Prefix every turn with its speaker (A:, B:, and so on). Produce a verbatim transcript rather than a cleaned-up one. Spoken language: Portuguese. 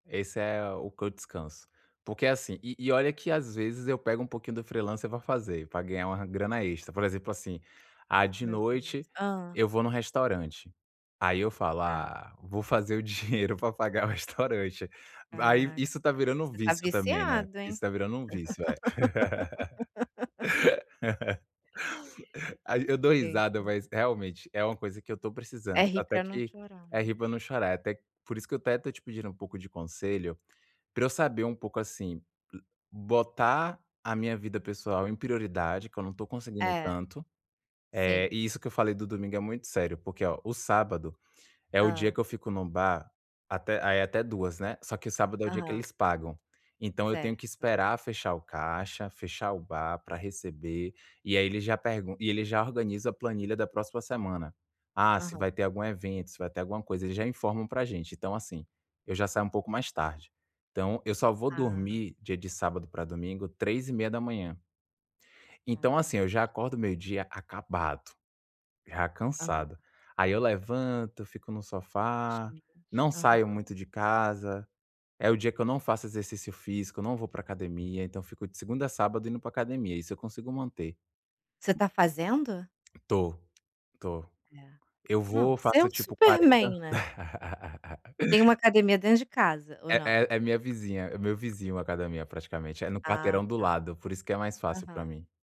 A: Esse é o que eu descanso, porque é assim e e olha que, às vezes, eu pego um pouquinho do freelancer para fazer, para ganhar uma grana extra. Por exemplo, assim, ah, de
B: Meu Deus.
A: noite
B: Hã.
A: eu vou no restaurante, aí eu falo:
B: Tá.
A: "Ah, vou fazer o dinheiro para pagar o restaurante." Aí,
B: Caraca,
A: isso está virando um
B: você está
A: vício também, né,
B: viciado,
A: isso
B: hein?
A: está virando um vício, é. Ai, eu dou risada, mas
B: [unintelligible]
A: realmente é uma coisa que eu estou precisando.
B: É rir
A: Até
B: para não
A: que
B: chorar,
A: É rir
B: né.
A: para não chorar. Até por isso que eu até estou te pedindo um pouco de conselho, para eu saber um pouco assim, botar a minha vida pessoal em prioridade que eu não estou conseguindo
B: É,
A: tanto. Eh,
B: sim.
A: isso que eu falei do domingo é muito sério, porque olha, o sábado é o dia
B: Hã.
A: que eu fico no bar, até aí até duas né, só que o sábado é o dia que
B: Aham.
A: eles pagam. Então, eu tenho que
B: Certo.
A: esperar fechar o caixa, fechar o bar para receber e aí eles já pergu e eles já organizam a planilha da próxima semana. Ah, se
B: Aham.
A: vai ter algum evento, se vai ter alguma coisa, eles já informam para gente. Então, assim, eu já saio um pouco mais tarde. Então eu só vou
B: Ah.
A: dormir dia de sábado para domingo três e meia da manhã. Então, assim,
B: Caramba.
A: eu já acordo meio-dia acabado, já
B: Aham.
A: cansado. Aí eu levanto, fico no sofá,
B: Gente.
A: não saio
B: Aham.
A: muito de casa. É o dia que eu não faço exercício físico, não vou para academia, então, fico de segunda a sábado indo para academia, isso eu consigo manter.
B: Você tá fazendo?
A: Tô, tô.
B: É.
A: Eu
B: Não,
A: vou,
B: você é
A: faço
B: um
A: tipo
B: super
A: quarenta
B: man, né. Tem uma academia dentro de casa ou
A: É
B: não?
A: é é minha vizinha é meu vizinho academia praticamente. É no
B: Ah
A: quarteirão do
B: tá.
A: lado por isso que é mais fácil para
B: Aham.
A: mim.